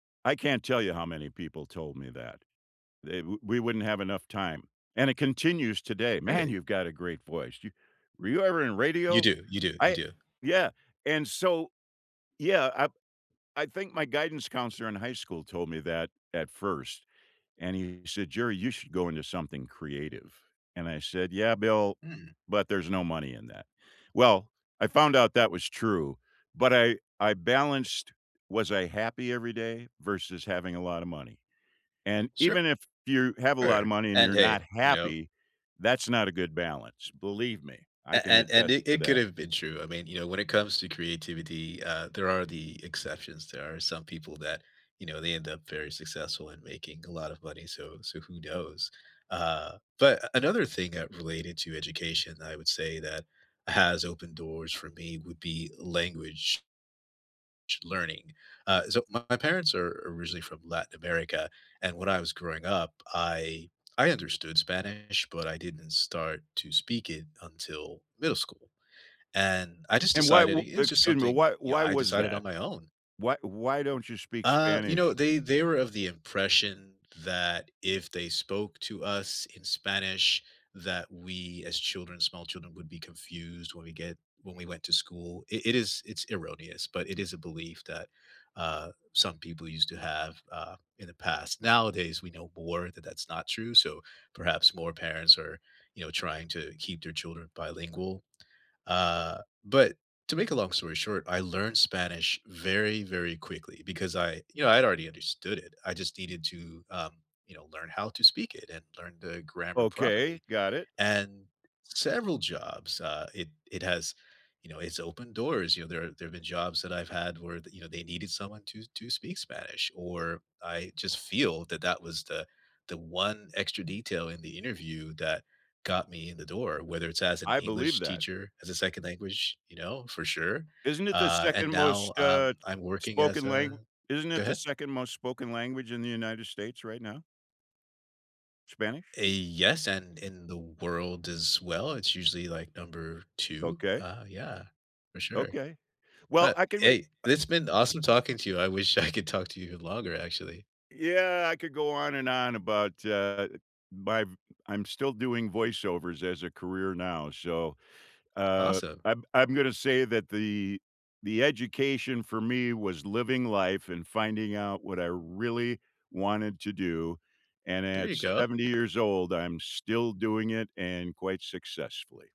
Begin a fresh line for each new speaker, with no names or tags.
I can't tell you how many people told me that. They wo we wouldn't have enough time, and it continues today. "Man,
Great.
you've got a great voice. You were you ever in
You
radio?"
do, you do, you
I
do.
Yeah, and so, yeah, I I think my guidance counselor in high school told me that at 1st, and he said, "Jerry, you should go into something creative," and I said, "Yeah, Bill,
Mhm.
but there's no money in that." Well, I found out that was true, but I I balanced, "Was I happy every day?" versus having a lot of money, and
Sure.
even if you have a lot of money and
And,
you're
hey.
not
You know?
happy, that's not a good balance. Believe me. I
And
can
and and
attest
it
to
it could
that.
have been true. I mean, you know, when it comes to creativity, uh, there are the exceptions. There are some people that, you know, they end up very successful in making a lot of money, so so who knows? Uh, but another thing that related to education, that I would say that has opened doors for me would be language. Ch learning. Uh, so my parents are originally from Latin America. And when I was growing up, I I understood Spanish, but I didn't start to speak it until middle school. And I just
And why
decided
wo
it was just
excuse me.
something,
Why
you know,
why
I
was
decided on
that?
my own.
Why why don't you speak
Uh, you know,
Spanish?
they they were of the impression that if they spoke to us in Spanish, that we, as children, small children, would be confused when we get when we went to school. It it is it's erroneous, but it is a belief that, uh, some people used to have, uh, in the past. Nowadays, we know more that that's not true, so perhaps more parents are, you know, trying to keep their children bilingual. Uh, but to make a long story short, I learned Spanish very, very quickly because I, you know, I'd already understood it. I just needed to, um, you know, learn how to speak it and learn the grammar
Okay.
properly.
Got it.
And several jobs, uh, it it has, you know, it's opened doors. You know, there there have been jobs that I've had where the, you know, they needed someone to to speak Spanish. Or I just feel that that was the one extra detail in the interview that got me in the door, whether it's as an
I believe
English
that.
teacher, as a 2nd language, you know, for sure.
Isn't it the
Uh, and
2nd
now,
most,
um,
uh,
I'm working as
spoken
a
lang isn't
go
it the
ahead.
2nd most spoken language in the United States right now? Spanish?
A yes, and in the world as well, it's usually, like, number 2.
Okay.
Uh, yeah. For sure.
Okay. Well,
But,
I can re
hey,
uh
it's been awesome talking to you. I wish I could talk to you longer, actually.
Yeah. I could go on and on about, uh, my I'm still doing voiceovers as a career now. So, uh,
Awesome.
I'm I'm gonna say that the the education for me was living life and finding out what I really wanted to do, and
There
at
you go.
70 years old, I'm still doing it and quite successfully.